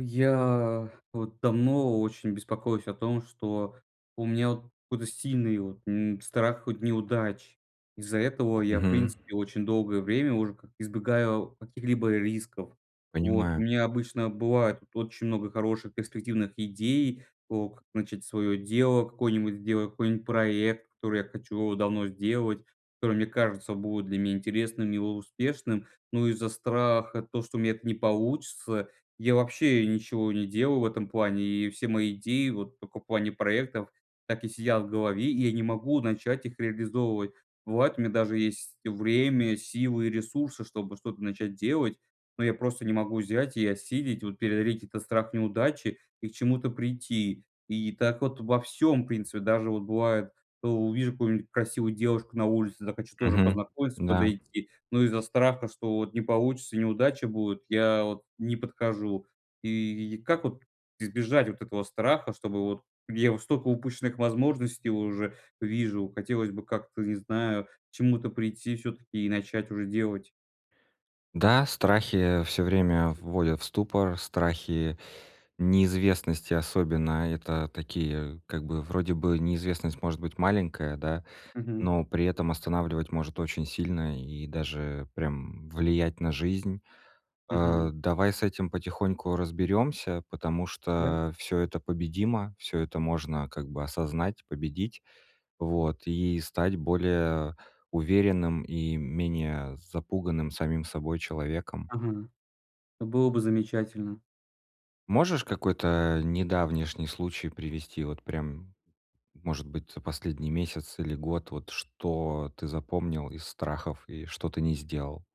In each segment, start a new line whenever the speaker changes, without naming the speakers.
Я вот давно очень беспокоюсь о том, что у меня вот какой-то сильный вот, м, страх хоть неудач. Из-за этого я, в
Мгм.
принципе, очень долгое время уже как избегаю каких-либо рисков. Вот у
Понимаю.
меня обычно бывает вот очень много хороших перспективных идей, ок как начать свое дело, какой-нибудь сделать какой-нибудь проект, который я хочу давно сделать, который мне кажется будет для меня интересным и успешным, но из-за страха то, что у меня это не получится, я вообще ничего не делал в этом плане, и все мои идеи, вот только в плане проектов, так и сидят в голове, и я не могу начать их реализовывать. Бывает, у меня даже есть время, силы и ресурсы, чтобы что-то начать делать, но я просто не могу взять и осилить, вот преодолеть этот страх неудачи и к чему-то прийти. И так вот во всём, в принципе, даже вот бывает, у увижу какую-нибудь красивую девушку на улице, захочу тоже
Мгм,
познакомиться,
да.
подойти, но из-за страха, что вот не получится, неудача будет, я вот не подхожу. И как вот избежать вот этого страха, чтобы вот я столько упущенных возможностей уже вижу, хотелось бы как-то, не знаю, к чему-то прийти всё-таки и начать уже делать.
Да, страхи всё время вводят в ступор, страхи, неизвестности особенно. Это такие, как бы, вроде бы, неизвестность может быть маленькая, да,
Мгм.
но при этом останавливать может очень сильно и даже прям влиять на жизнь.
Мгм.
А, давай с этим потихоньку разберёмся, потому
Да.
что всё это победимо, всё это можно, как бы, осознать, победить, вот, и стать более уверенным и менее запуганным самим собой человеком.
Ага. Было бы замечательно.
Можешь какой-то, э, недавнишний случай привести? Вот прям, может быть, за последний месяц или год, вот что ты запомнил из страхов и что ты не сделал?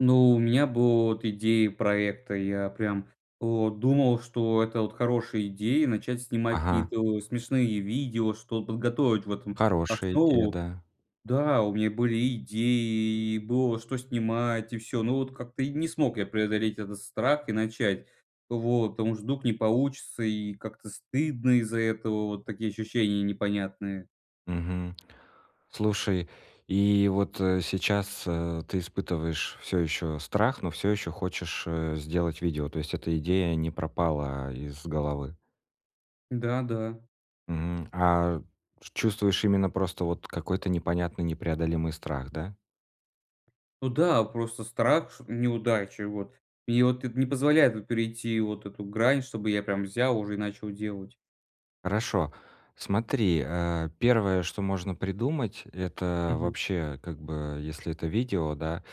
Ну у меня было, вот, идеи проекта, я прям, вот, думал, что это, вот, хорошая идея- начать снимать
Ага.
какие-то, э, смешные видео, что т подготовить в этом
Хорошая идея,
основу.
да.
Да, у меня были идеи, и было что снимать, и всё, но, вот, как-то и не смог я преодолеть этот страх и начать. Вот. Потому что вдруг не получится, и как-то стыдно из-за этого, вот такие ощущения непонятные.
Мгм. Слушай, и вот, э, сейчас, э, ты испытываешь всё ещё страх, но всё ещё хочешь, э, сделать видео, то есть эта идея не пропала из головы?
Да, да.
Мгм. А ш чувствуешь именно просто вот какой-то непонятный непреодолимый страх, да?
Ну да, просто страх ш неудачи, вот. И вот эт не позволяет, вот, перейти вот эту грань, чтобы я прям взял уже и начал делать.
Хорошо. Смотри, э, первое, что можно придумать,- это
Мгм.
вообще, как бы, если это видео, да,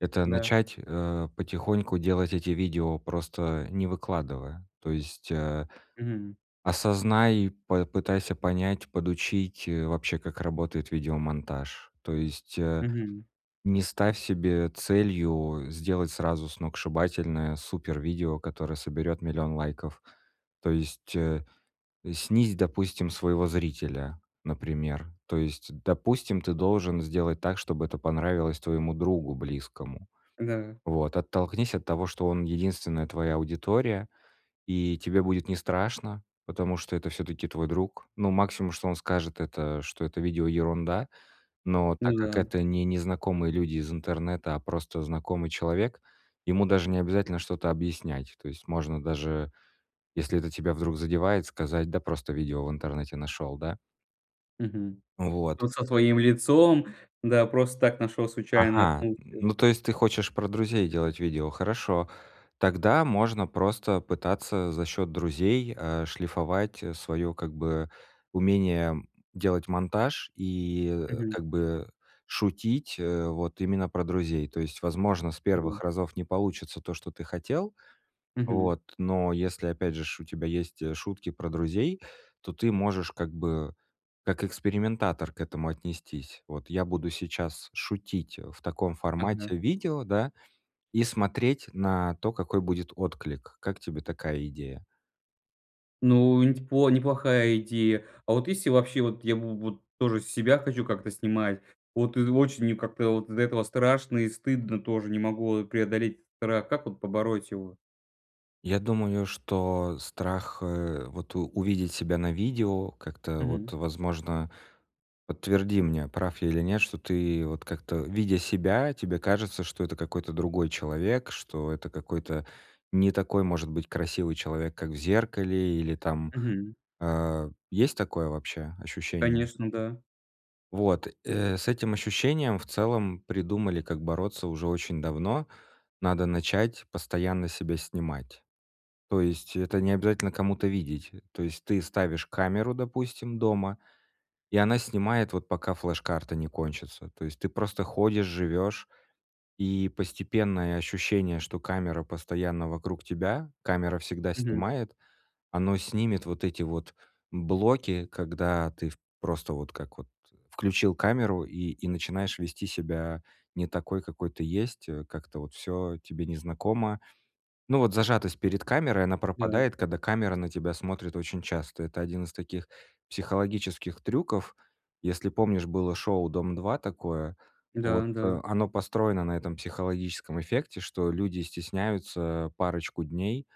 это
Да.
начать, э, потихоньку делать эти видео, просто не выкладывая. То есть, э,
Мгм.
осознай и попытайся понять, подучить, э, вообще, как работает видеомонтаж. То есть, э,
Мгм.
не ставь себе целью сделать сразу сногсшибательное супервидео, которое соберёт 1000000 лайков, то есть, э, снизь, допустим, своего зрителя, например. То есть, допустим, ты должен сделать так, чтобы это понравилось твоему другу близкому.
Да.
Вот. Оттолкнись от того, что он- единственная твоя аудитория, и тебе будет нестрашно, потому что это всё-таки твой друг. Ну, максимум, что он скажет- это, что это видео ерунда, но так
Ну
как
да.
это не незнакомые люди из интернета, а просто знакомый человек, ему даже не обязательно что-то объяснять. То есть можно даже, если это тебя вдруг задевает, сказать: "Да просто видео в интернете нашёл". Да?
Мгм.
Вот.
Вот со своим лицом, да просто так нашел случайно
Ага,
функцию.
ну, то есть ты хочешь про друзей делать видео. Хорошо. Тогда можно просто пытаться за счёт друзей, э, шлифовать своё как бы умение делать монтаж и, э,
Мгм.
как бы шутить, э, вот именно про друзей. То есть, возможно, с 1
Мгм.
разов не получится то, что ты хотел,
Мгм.
вот, но, если, опять же ж, у тебя есть шутки про друзей, то ты можешь как бы как экспериментатор к этому отнестись. Вот, я буду сейчас шутить в таком
Ага.
формате видео, да, и смотреть на то, какой будет отклик. Как тебе такая идея?
Ну, не ть по неплохая идея. А вот если вообще вот я в вот тоже себя хочу как-то снимать, вот, э, очень мне как-то от из-за этого страшно и стыдно тоже, не могу преодолеть страх, как вот побороть его?
Я думаю, что страх, э, вот увидеть себя на видео как-то вот,
Мгм.
возможно, подтверди мне, прав я или нет, что ты вот как-то, видя себя, тебе кажется, что это какой-то другой человек, что это какой-то не такой, может быть, красивый человек, как в зеркале или там,
Мгм.
э. Есть такое вообще ощущение?
Конечно, да.
Вот, э, с этим ощущением в целом придумали, как бороться уже очень давно. Надо начать постоянно себя снимать. То есть это не обязательно кому-то видеть. То есть ты ставишь камеру, допустим, дома, и она снимает вот пока флеш-карта не кончится. То есть ты просто ходишь, живешь, и постепенное ощущение, что камера постоянно вокруг тебя, камера всегда
Мгм.
снимает, оно снимет вот эти вот блоки, когда ты в просто вот как вот включил камеру и и начинаешь вести себя не такой, какой ты есть, э, как-то вот всё тебе незнакомо. Ну, вот зажатость перед камерой, она
Да.
пропадает, когда камера на тебя смотрит очень часто. Это один из таких психологических трюков. Если помнишь, было шоу "Дом-2" такое, вот,
Да-да.
э, оно построено на этом психологическом эффекте, что люди стесняются парочку дней,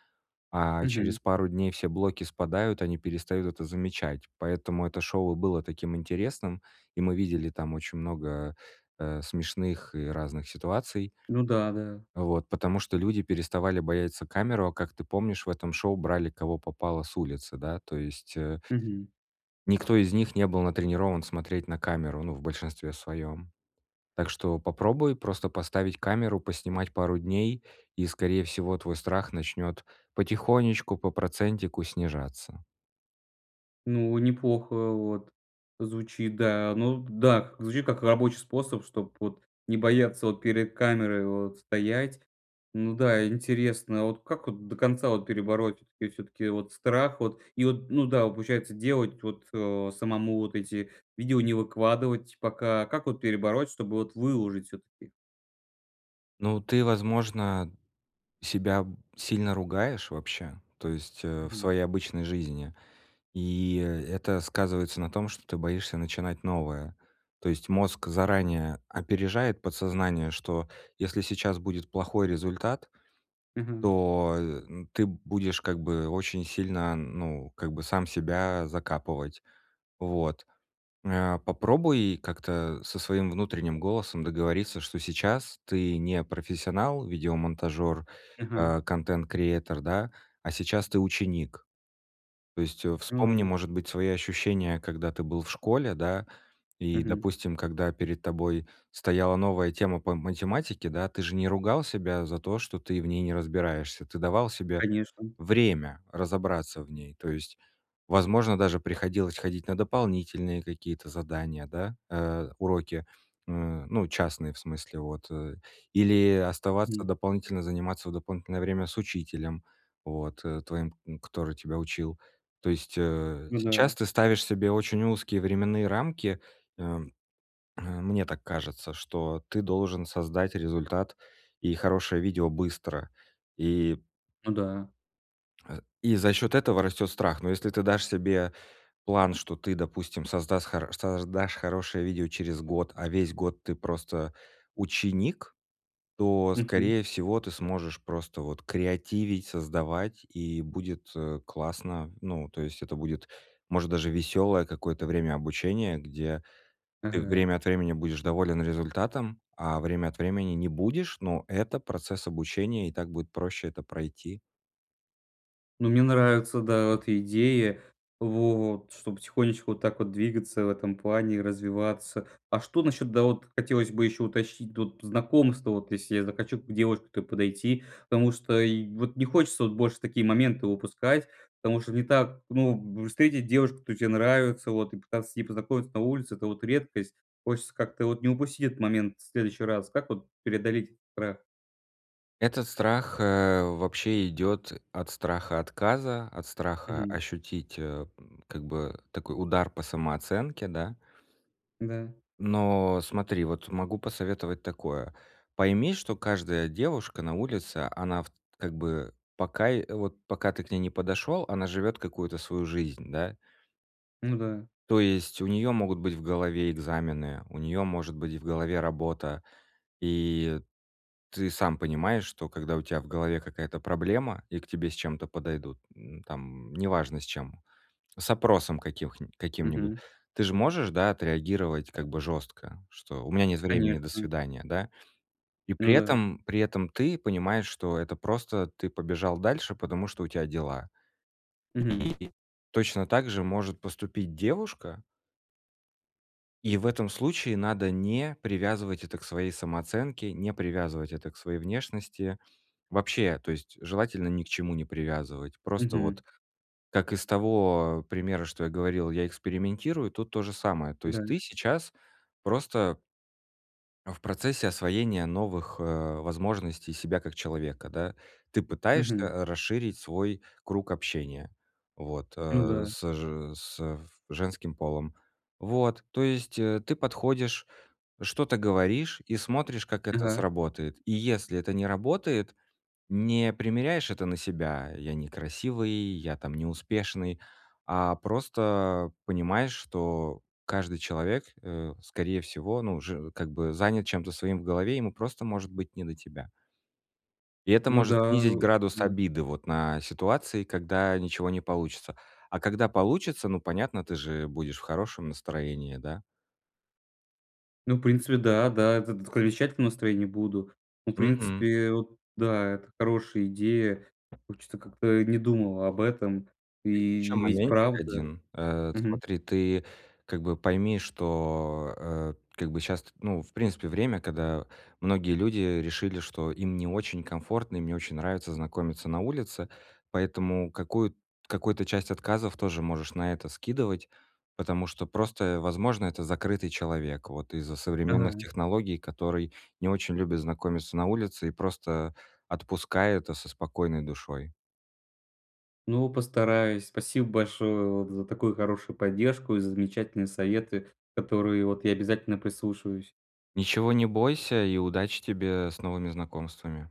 а
Мгм.
через пару дней все блоки спадают, они перестают это замечать. Поэтому это шоу и было таким интересным, и мы видели там очень много, э, смешных и разных ситуаций.
Ну да-да.
Вот, потому что люди переставали бояться камеру, а, как ты помнишь, в этом шоу брали кого попало с улицы, да. То есть э
Мгм.
Никто из них не был натренирован смотреть на камеру, ну, в большинстве своём. Так что попробуй просто поставить камеру, поснимать пару дней и, скорее всего, твой страх начнёт потихонечку, по процентику снижаться.
Ну, неплохо вот звучит, да. Ну, б да. Звучит как рабочий способ, чтоб вот не бояться вот перед камерой вот стоять. Ну да, интересно. А вот как вот до конца вот перебороть? И всё-таки вот страх вот? И вот, ну да, получается делать вот, э, самому вот эти видео, не выкладывать пока. Как вот перебороть, чтобы вот выложить всё-таки?
Ну, ты, возможно, себя сильно ругаешь вообще, то есть, э, в
Мгм.
своей обычной жизни, и, э, это сказывается на том, что ты боишься начинать новое, то есть мозг заранее опережает подсознание, что если сейчас будет плохой результат,
Мгм.
то, э, ты будешь как бы очень сильно, ну, как бы сам себя закапывать. Вот. Э, попробуй как-то со своим внутренним голосом договориться, что сейчас ты не профессионал, видеомонтажер,
Ага.
э, content creater, да, а сейчас ты ученик. То есть, э,
Ну
вспомни,
да.
может быть, свои ощущения, когда ты был в школе, да, и,
Мгм.
допустим, когда перед тобой стояла новая тема по математике, да, ты же не ругал себя за то, что ты в ней не разбираешься. Ты давал себе
Конечно.
время разобраться в ней. То есть, возможно, даже приходилось ходить на дополнительные какие-то задания, да, э, уроки, м, ну, частные в смысле, вот, э, или оставаться
М.
дополнительно заниматься в дополнительное время с учителем, вот, э, твоим, который тебя учил. То есть, э,
Ну
сейчас
да.
ты ставишь себе очень узкие временные рамки, э, э, мне так кажется, что ты должен создать результат и хорошее видео быстро, и
Ну да.
э, и за счёт этого растёт страх. Но если ты дашь себе план, что ты, допустим, создаст хоро создашь хорошее видео через год, а весь год ты просто ученик, то,
Мгм.
скорее всего, ты сможешь просто вот креативить, создавать, и будет, э, классно. Ну, то есть это будет, может, даже весёлое какое-то время обучения, где ты
Ага.
время от времени будешь доволен результатом, а время от времени не будешь, но это процесс обучения, и так будет проще это пройти.
Ну, мне нравится, да, вот идеи, вот чтобы потихонечку вот так вот двигаться в этом плане и развиваться. А что насчет, да, вот хотелось бы еще уточнить, вот, знакомство, вот если я захочу к девушке подойти. Потому что и вот не хочется вот больше такие моменты упускать, потому что не так, ну, встретить девушку, которая тебе нравится, вот, и пытаться с ней познакомиться на улице- это вот редкость. Хочется как-то вот не упустить этот момент в следующий раз. Как вот преодолеть страх?
Этот страх, э, вообще идет от страха отказа, от страха
Мгм.
ощутить, э, м, как бы такой удар по самооценке, да.
Да.
Но смотри, вот могу посоветовать такое: пойми, что каждая девушка на улице, она в т как бы пока и вот пока ты к ней не подошёл, она живет какую-то свою жизнь, да?
Ну да.
То есть у неё могут быть в голове экзамены, у неё может быть в голове работа, и ты сам понимаешь, что когда у тя в голове какая-то проблема и к тебе с чем-то подойдут, м, там неважно с чем, с опросом каких нь каким-нибудь.
Мгм.
Ты же можешь, да, отреагировать как бы жёстко, что: "У меня нет времени, до
Конечно.
свидания", да? И
Ну
при
да.
этом, при этом ты понимаешь, что это просто ты побежал дальше, потому что у тя дела.
Мгм.
И точно так же может поступить девушка и в этом случае надо не привязывать это к своей самооценке, не привязывать это к своей внешности. Вообще, то есть желательно ни к чему не привязывать. Просто
Мгм.
вот, как из того примера, что я говорил, я экспериментирую, тут то же самое. То
Да.
есть ты сейчас просто а, в процессе освоения новых, э, возможностей себя как человека, да. Ты
Мгм.
пытаешься расширить свой круг общения вот,
Ну
э,
да.
с же с в женским полом. Вот. То есть, э, ты подходишь, что-то говоришь и смотришь, как это
Ага.
сработает. И если это не работает, не примеряешь это на себя: "Я некрасивый, я там не успешный", а просто понимаешь, что каждый человек, э, скорее всего, ну, уже как бы занят чем-то своим в голове, ему просто может быть не до тебя. И это
Ну
может
да,
снизить градус
да.
обиды вот на ситуации, когда ничего не получится. А когда получится, ну, понятно, ты же будешь в хорошем настроении, да?
Ну, в принципе, да, да. Это скоро [unintelligible] настроении буду. Ну, в
Мгм.
принципе, вот да, это хорошая идея. Вот чё-то как-то и не думал об этом.
Есть ещё
И ведь
моментик
правда.
один. Э,
Мгм.
смотри, ты как бы пойми, что, э, как бы щас ты, ну, в принципе, время, когда многие люди решили, что им не очень комфортно, им не очень нравится знакомиться на улице, поэтому какую какую-то часть отказов тоже можешь на это скидывать, потому что просто, возможно, это закрытый человек вот из-за современных
Ага.
технологий, который не очень любит знакомиться на улице, и просто отпускай это со спокойной душой.
Ну, постараюсь. Спасибо большое, вот, за такую хорошую поддержку и за замечательные советы, которые, вот, я обязательно прислушаюсь.
Ничего не бойся и удачи тебе с новыми знакомствами!